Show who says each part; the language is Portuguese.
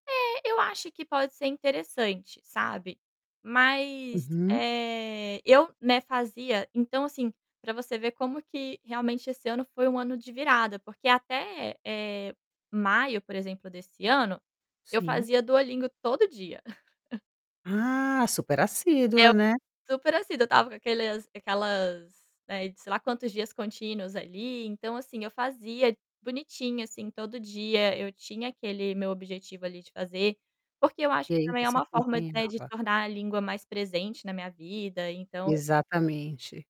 Speaker 1: Eh, eu acho que pode ser interessante, sabe, mas,
Speaker 2: Uhum.
Speaker 1: eh, eu, né, fazia então, assim, para você ver como que realmente esse ano foi um ano de virada, porque até, eh, maio, por exemplo, desse ano, eu
Speaker 2: Sim.
Speaker 1: fazia Duolingo todo dia.
Speaker 2: Ah, super
Speaker 1: Eu,
Speaker 2: assídua, né?
Speaker 1: super assim, eu estava com aqueles aquelas, né, sei lá quantos dias contínuos ali. Então, assim, eu fazia bonitinho, assim, todo dia, eu tinha aquele meu objetivo ali de fazer, porque eu acho
Speaker 2: E
Speaker 1: que,
Speaker 2: aí
Speaker 1: também, é
Speaker 2: você
Speaker 1: uma forma de
Speaker 2: acompanhava.
Speaker 1: tornar a língua mais presente na minha vida. Então
Speaker 2: Exatamente.